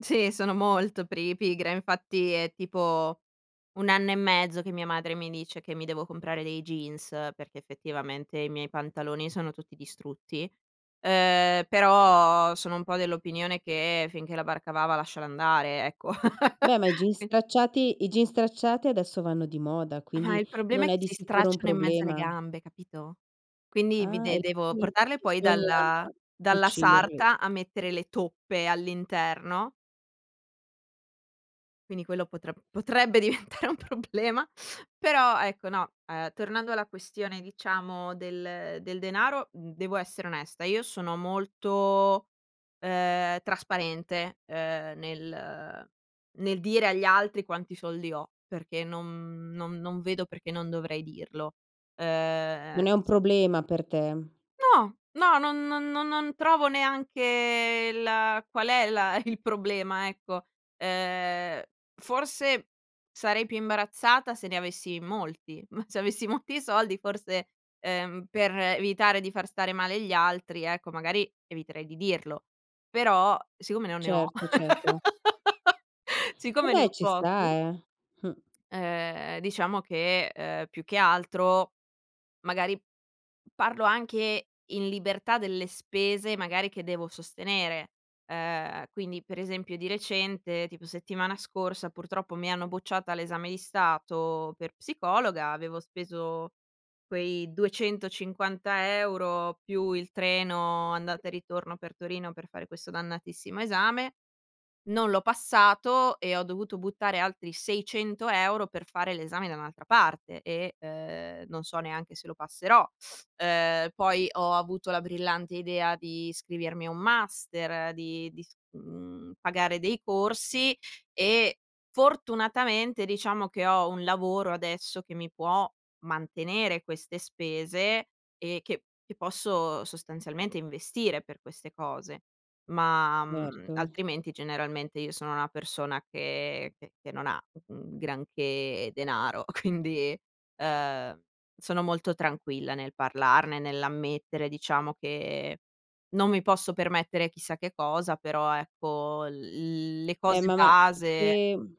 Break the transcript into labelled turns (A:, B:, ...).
A: Sì, sono molto pri pigra, infatti è tipo 1 anno e mezzo che mia madre mi dice che mi devo comprare dei jeans, perché effettivamente i miei pantaloni sono tutti distrutti, ehm, però sono un po' dell'opinione che: finché la barca va va a lasciare andare, ecco.
B: Beh, ma i jeans
A: E
B: stracciati i jeans stracciati adesso vanno di moda,
A: Ma
B: quindi
A: il problema
B: non
A: è
B: è
A: che
B: di
A: si
B: sicuro un
A: stracciano in mezzo alle
B: problema.
A: gambe, capito. Quindi vi
B: Ah,
A: de
B: e
A: devo
B: quindi
A: portarle poi
B: bisogna
A: dalla dalla
B: cucirli.
A: sarta a mettere le toppe all'interno. Quindi quello potre potrebbe diventare un problema; però ecco, no, ehm, tornando alla questione diciamo del del denaro, mhmm, devo essere onesta, io sono molto, ehm, trasparente, ehm, nel nel dire agli altri quanti soldi ho, perché non non non vedo perché non dovrei dirlo. Uhm,
B: Non è un
A: s
B: problema per te.
A: No, no, non non non non trovo neanche la qual è la il problema ecco. Uhm, forse sarei più imbarazzata se ne avessi molti, ma se avessi molti soldi forse, ehm, per evitare di far stare male gli altri ecco, magari eviterei di dirlo. Però siccome non ne ho.
B: Certo, certo.
A: Siccome ne
B: Vabbè
A: ho
B: ci sta,
A: pochi
B: eh.
A: Ehm, diciamo che, ehm, più che altro, magari parlo anche in libertà delle spese magari che devo sostenere. Ehm, quindi per esempio di recente, tipo settimana scorsa purtroppo mi hanno bocciata all'esame di stato per psicologa, avevo speso quei 250 euro, più il treno andata e ritorno per Torino per fare questo dannatissimo esame. Non l'ho passato e ho dovuto buttare altri 600 euro per fare l'esame da un'altra parte e, ehm, non so neanche se lo passerò. Uhm, poi ho avuto la brillante idea di iscrivermi a un master, di di s mhmm, pagare dei corsi, e fortunatamente, diciamo, che ho un lavoro adesso che mi può mantenere queste spese, e che che posso sostanzialmente investire per queste cose. Ma, mhmm,
B: Erto.
A: altrimenti generalmente io sono una persona che che che non ha un granché denaro, quindi, uhm, sono molto tranquilla nel parlarne, nell'ammettere diciamo che non mi posso permettere chissà che cosa, però ecco l le
B: Beh,
A: cose
B: ma ma se,
A: base.
B: mhmm